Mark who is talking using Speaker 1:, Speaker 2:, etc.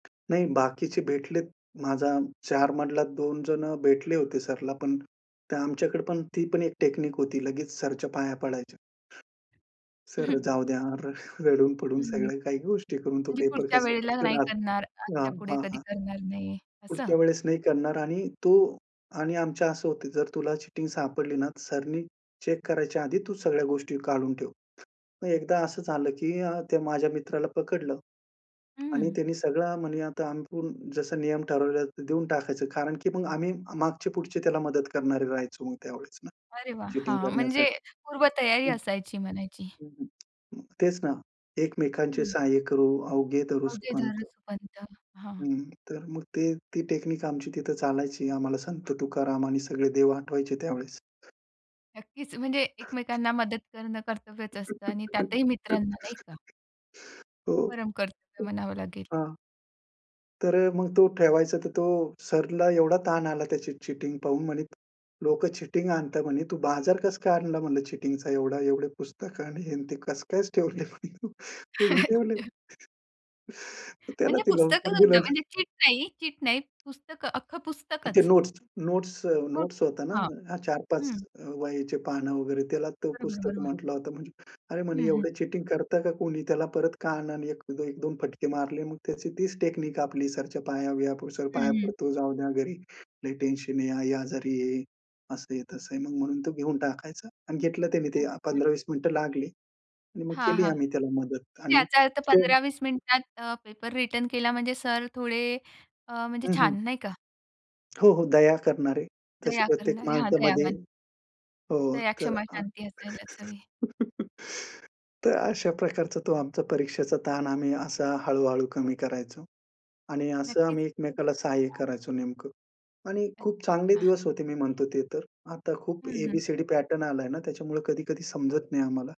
Speaker 1: नाही बाकीचे भेटलेत. माझा 4 मधला 2 जणं भेटले होते सरला, पण ते आमच्याकडे पण ती पण एक टेक्निक होती. लगेच सरचं पाया पडायचं. सर जाऊद्या र रडून पडून
Speaker 2: हं.
Speaker 1: सगळ्या
Speaker 2: म्हणजे
Speaker 1: काही गोष्टी करून तो पेपर
Speaker 2: पुढच्या
Speaker 1: कसा
Speaker 2: वेळेला
Speaker 1: पटकन
Speaker 2: नाही
Speaker 1: आ
Speaker 2: करणार,
Speaker 1: हां,
Speaker 2: आजच्या पुढे
Speaker 1: हां,
Speaker 2: कधी
Speaker 1: हां.
Speaker 2: करणार नाहीये असं.
Speaker 1: पुढच्या वेळेस नाही करणार आणि तो आणि आमचं असं होतं, जर तुला चीटिंग सापडली ना, सरांनी चेक करायच्या आधी तू सगळ्या गोष्टी काढून ठेव. मग एकदा असं झालं, की अ, ते माझ्या मित्राला पकडलं. आणि
Speaker 2: हं.
Speaker 1: त्यांनी सगळं म्हणी आता आपण जसं नियम ठरवले देऊन टाकायचं कारण, की मग आम्ही मागची-पुढची त्याला मदत करणारे राहायचे ना, मग त्यावेळेस ना
Speaker 2: अरे, वाह!
Speaker 1: चीटिंग
Speaker 2: हां, म्हणजे
Speaker 1: करण्यासाठी.
Speaker 2: पूर्वतयारी
Speaker 1: हं,
Speaker 2: असायची म्हणायची.
Speaker 1: हं, हं. तेच ना, एकमेकांचे
Speaker 2: हं.
Speaker 1: सहाय्य करू अवघे धरू
Speaker 2: अवघे
Speaker 1: सुपंथ.
Speaker 2: धरू सुपंथ. हां.
Speaker 1: हं, तर मग ते ती टेक्निक आमची तिथं चालायची. आम्हाला संत तुकाराम आणि सगळे देव आठवायचे त्यावेळेस.
Speaker 2: नक्कीच, म्हणजे एकमेकांना मदत करणं कर्तव्यच असतं आणि त्यातही मित्रांना नाही का?
Speaker 1: हो,
Speaker 2: परम कर्तव्य
Speaker 1: हं,
Speaker 2: म्हणावं लागेल.
Speaker 1: हां. तर अ, मग तो ठेवायचा. तर तो सराला एवढा ताण आला त्याची चीटिंग पाहून म्हणे, "लोकं चीटिंग आणतात, म्हणे तू बाजार कसं काय आणला?" म्हणलं चीटिंगचा. एवढा, एवढे पुस्तकं आणि हे ते कसं काय ठेवले म्हणे तू? तो म्हणे ठेवले. तर त्याला
Speaker 2: म्हणजे
Speaker 1: ते
Speaker 2: पुस्तकं [unintelligible]
Speaker 1: लवकर. [unintelligible]
Speaker 2: म्हणजे चीट नाही, चीट नाही पुस्तकं, अख्खं
Speaker 1: ते
Speaker 2: पुस्तकच.
Speaker 1: नोट्स नोट्स अ
Speaker 2: अ,
Speaker 1: नोट्स होत्या
Speaker 2: हां.
Speaker 1: ना, 4-5
Speaker 2: हं.
Speaker 1: वह्याचे पान वगैरे, त्याला तो
Speaker 2: बरोबर,
Speaker 1: पुस्तक
Speaker 2: बरोबर.
Speaker 1: म्हटलं होतं. अरे, म्हणे,
Speaker 2: हं, हं.
Speaker 1: एवढं चीटिंग करता का कुणी. त्याला परत कान आणि एक एक दोन फटके मारले. मग त्याची तीच टेक्निक आपली, सरांच्या पाया बिया पडू. सर
Speaker 2: हं,
Speaker 1: पाया
Speaker 2: हं.
Speaker 1: पडतो जाऊ द्या, घरी लई टेन्शन आहे, आई आजारी आहे, असं आहे, तसं आहे. मग म्हणून तो घेऊन टाकायचा आणि घेतलं त्याने ते
Speaker 2: अच्छा.
Speaker 1: 15-20 मिनिटं लागली आणि मग
Speaker 2: हां,
Speaker 1: केली
Speaker 2: हां.
Speaker 1: आम्ही त्याला मदत आणि
Speaker 2: याचा अर्थ
Speaker 1: तो
Speaker 2: 15-20 मिनिटात अ, पेपर रिटर्न केला म्हणजे सर थोडे अ, म्हणजे
Speaker 1: हं, हं.
Speaker 2: छान नाही का.
Speaker 1: हो, हो. दया करणारे तशी
Speaker 2: दया
Speaker 1: प्रत्येक
Speaker 2: करणारे. हां,
Speaker 1: माणसामध्ये
Speaker 2: दयावान.
Speaker 1: हो,
Speaker 2: दया,
Speaker 1: तर,
Speaker 2: क्षमा,
Speaker 1: अ,
Speaker 2: शांती असायलाच हवी.
Speaker 1: तर अशा प्रकारचा तो आमचा परीक्षेचा ताण आम्ही असा हळू-हळू कमी करायचो. आणि असं
Speaker 2: नक्कीच.
Speaker 1: आम्ही
Speaker 2: खुपच
Speaker 1: एकमेकांना सहाय्य
Speaker 2: छान.
Speaker 1: करायचो नेमकं आणि खूप चांगले
Speaker 2: अच्छा.
Speaker 1: दिवस होते मी म्हणतो ते तर. आता खूप
Speaker 2: हं, हं.
Speaker 1: ए-बी-सी-डी पॅटर्न आलाय ना, त्याच्यामुळे कधी-कधी समजत नाही आम्हाला.